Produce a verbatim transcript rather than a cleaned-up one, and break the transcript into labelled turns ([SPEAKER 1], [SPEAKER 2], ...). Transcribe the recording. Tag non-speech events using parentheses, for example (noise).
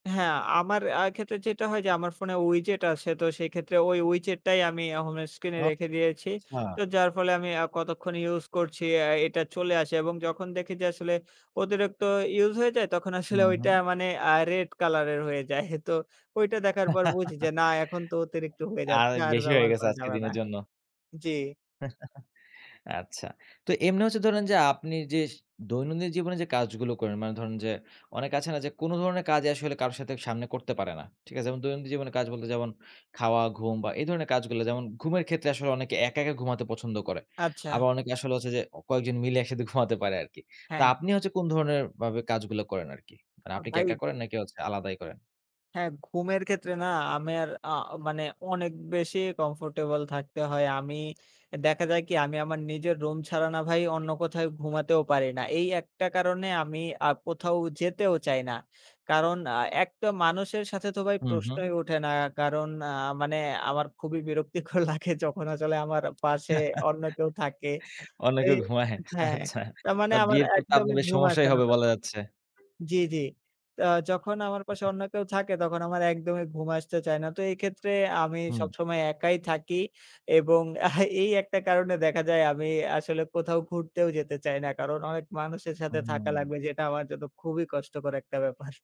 [SPEAKER 1] হ্যাঁ আমার আ ক্ষেত্রে যেটা হয় যে আমার ফোনে WeChat আছে, তো সেই ক্ষেত্রে ওই WeChat টাই আমি হোম স্ক্রিনে
[SPEAKER 2] অ
[SPEAKER 1] রেখে দিয়েছি,
[SPEAKER 2] চ্ছা।
[SPEAKER 1] তো যার ফলে আমি আ কতক্ষণ ইউজ করছি অ্যা এটা চলে আসে এবং যখন দেখি যে আসলে অতিরিক্ত ইউজ হয়ে যায় তখন আসলে
[SPEAKER 2] হুম,
[SPEAKER 1] ওইটা
[SPEAKER 2] হুম।
[SPEAKER 1] মানে আ রেড কালারের হয়ে যায় তো ওইটা দেখার পর বুঝি যে
[SPEAKER 2] (giggles)
[SPEAKER 1] না এখন তো অতিরিক্ত হয়ে
[SPEAKER 2] আর
[SPEAKER 1] যাচ্ছে আর
[SPEAKER 2] বেশি হয়ে
[SPEAKER 1] ব্যবহার
[SPEAKER 2] গেছে
[SPEAKER 1] করা
[SPEAKER 2] আজকের
[SPEAKER 1] যাবে না
[SPEAKER 2] দিনের জন্য।
[SPEAKER 1] জি।
[SPEAKER 2] (chuckles) আচ্ছা। তো এমনি হচ্ছে ধরেন যে আপনি যে দৈনন্দিন জীবনে যে কাজগুলো করেন, মানে ধরুন যে অনেক আছে না যে কোন ধরনের কাজই আসলে কারো সাথে সামনে করতে পারে না, ঠিক আছে? দৈনন্দিন জীবনে কাজ বলতে যেমন খাওয়া, ঘুম বা এই ধরনের কাজগুলো, যেমন ঘুমের ক্ষেত্রে আসলে অনেকে একা, একা ঘুমাতে পছন্দ করে।
[SPEAKER 1] আচ্ছা।
[SPEAKER 2] আবার অনেকে আসলে হচ্ছে যে অ কয়েকজন মিলে একসাথে ঘুমাতে পারে আরকি। তা
[SPEAKER 1] হ্যাঁ।
[SPEAKER 2] আপনি হচ্ছে কোন ধরনের ভাবে কাজগুলা করেন আরকি? মানে
[SPEAKER 1] আ
[SPEAKER 2] আপনি কি একা
[SPEAKER 1] ভাইব?
[SPEAKER 2] করেন নাকি হচ্ছে আলাদাই করেন?
[SPEAKER 1] হ্যাঁ, ঘুমের ক্ষেত্রে না আমের আ মানে অনেক বেশি কমফোর্টেবল থাকতে হয়। আমি দেখা যায় কি আমি আমার নিজের রুম ছাড়া না ভাই অন্য কোথাও ঘুমাতেও পারি না। এই একটা কারণে আমি আ কোথাও যেতেও চাই না। কারণ আ একটা মানুষের সাথে তো ভাই
[SPEAKER 2] হুম, হুম।
[SPEAKER 1] প্রশ্নই ওঠে না। কারণ আ মানে আমার খুবই বিরক্তিকর লাগে যখন আসলে আমার পাশে
[SPEAKER 2] (laughs)
[SPEAKER 1] অন্য কেউ থাকে। এ
[SPEAKER 2] অনেকেও ঘুমায়
[SPEAKER 1] হ্যাঁ,
[SPEAKER 2] আচ্ছা।
[SPEAKER 1] তার
[SPEAKER 2] তো
[SPEAKER 1] মানে আমার
[SPEAKER 2] বিয়ের পর তো আপনার
[SPEAKER 1] একদমই
[SPEAKER 2] বেশ
[SPEAKER 1] ঘুম আসে
[SPEAKER 2] সমস্যাই
[SPEAKER 1] না
[SPEAKER 2] হবে বলা
[SPEAKER 1] তক্ষণ
[SPEAKER 2] যাচ্ছে।
[SPEAKER 1] জি, জি। তা যখন আমার পাশে অন্য কেউ থাকে তখন আমার একদমই ঘুম আসতে চায় না। তো এক্ষেত্রে আমি
[SPEAKER 2] হুম।
[SPEAKER 1] সবসময় একাই থাকি এবং এহ, এই একটা কারণে দেখা যায় আমি আসলে কোথাও ঘুরতেও যেতে চাই না। কারণ অনেক মানুষের সাথে থাকা
[SPEAKER 2] হুম।
[SPEAKER 1] লাগবে যেটা আমার জন্য খুবই কষ্টকর একটা ব্যাপার।